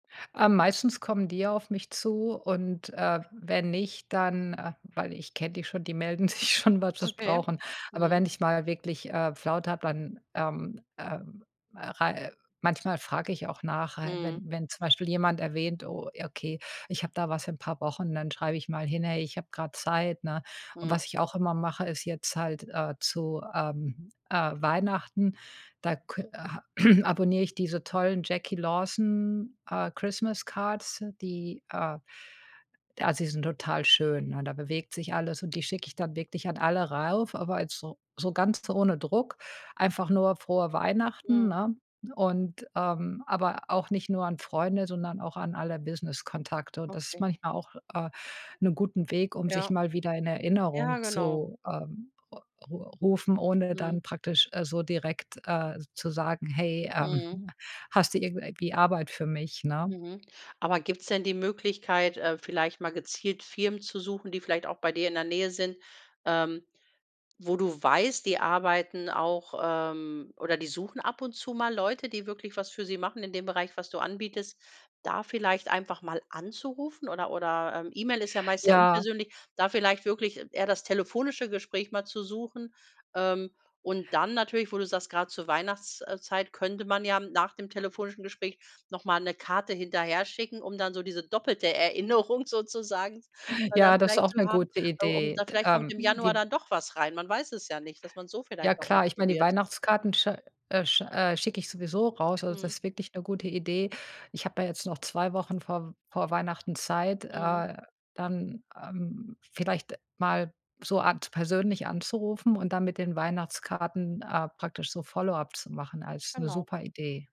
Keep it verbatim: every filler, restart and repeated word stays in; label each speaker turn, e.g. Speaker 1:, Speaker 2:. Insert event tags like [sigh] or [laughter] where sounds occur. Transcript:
Speaker 1: Äh, meistens kommen die ja auf mich zu und, äh, wenn nicht, dann, äh weil ich kenne die schon, die melden sich schon, wenn sie's
Speaker 2: Okay.
Speaker 1: brauchen. Aber
Speaker 2: Mhm.
Speaker 1: wenn ich mal wirklich, äh, Flaute habe, dann, ähm, äh, äh, rei äh, manchmal frage ich auch nach, ha
Speaker 2: Mhm.
Speaker 1: wenn wenn zum Beispiel jemand erwähnt: „Oh, ja, okay, ich habe da was in 'n paar Wochen.“ Dann schreibe ich mal hin: „Hey, ich habe grad Zeit,“ ne? Und
Speaker 2: Mhm.
Speaker 1: was ich auch immer mache, ist jetzt halt, äh, zu, ähm, äh, Weihnachten, da kö äh, [clears throat] abonniere ich diese tollen Jacquie Lawson, äh, Christmas Cards, die, äh d Also, die sind total schön, ne? Da bewegt sich alles und die schicke ich dann wirklich an alle rauf, aber jetzt so so ganz ohne Druck, einfach nur „Frohe Weihnachten“,
Speaker 2: Mhm.
Speaker 1: ne? Und, ähm, aber auch nicht nur an Freunde, sondern auch an alle Business-Kontakte. Und das ist
Speaker 2: Okay.
Speaker 1: manchmal auch, äh, 'ne guten Weg, um sich
Speaker 2: Ja.
Speaker 1: mal wieder in
Speaker 2: Ja,
Speaker 1: Erinnerung
Speaker 2: genau.
Speaker 1: zu, ähm, r ru rufen, ohne
Speaker 2: Mhm.
Speaker 1: dann praktisch, äh, so direkt, äh, z zu sagen: „Hey, ähm,
Speaker 2: Mhm.
Speaker 1: hm, hast du irgend äh, wie Arbeit für mich,“ ne?
Speaker 2: Mhm. Aber gibt's denn die Möglichkeit, äh, vielleicht mal gezielt Firmen zu suchen, die vielleicht auch bei dir in der Nähe sind, ähm, wo du weißt, die arbeiten auch ähm, oder die suchen ab und zu mal Leute, die wirklich was für sie machen in dem Bereich, was du anbietest, da vielleicht einfach mal anzurufen oder oder, ähm, E-Mail ist ja meist sehr
Speaker 1: Ja.
Speaker 2: unpersönlich. Da vielleicht wirklich eher das telefonische Gespräch mal zu suchen. Ähm, und dann natürlich, wo du sagst, grad zur Weihnachts äh, Zeit könnte man ja, hm, nach dem telefonischen Gespräch noch mal 'ne Karte hinterherschicken, um dann so diese doppelte Erinnerung sozusagen also dann
Speaker 1: Ja, das
Speaker 2: vielleicht
Speaker 1: auch
Speaker 2: zu
Speaker 1: 'ne
Speaker 2: haben.
Speaker 1: gute
Speaker 2: Äh, um
Speaker 1: Idee.
Speaker 2: da
Speaker 1: D
Speaker 2: vielleicht kommt
Speaker 1: ähm,
Speaker 2: im Januar
Speaker 1: di
Speaker 2: da doch was rein. Man weiß es ja nicht. Dass man`s so
Speaker 1: Ja,
Speaker 2: vielleicht noch mal
Speaker 1: klar. Ich meine, die
Speaker 2: probiert.
Speaker 1: Weihnachtskarten sch äh, sch äh, schicke ich sowieso raus. Also,
Speaker 2: Mhm.
Speaker 1: das wirklich 'ne gute Idee. Ich habe ja jetzt noch zwei Wochen vorm vor Weihnachten Zeit,
Speaker 2: Mhm.
Speaker 1: äh, dann, ähm, vielleicht mal so Art persönlich anzurufen und dann mit den Weihnachtskarten, äh, praktisch so Follow-up zu machen als 'ne
Speaker 2: Genau.
Speaker 1: super Idee.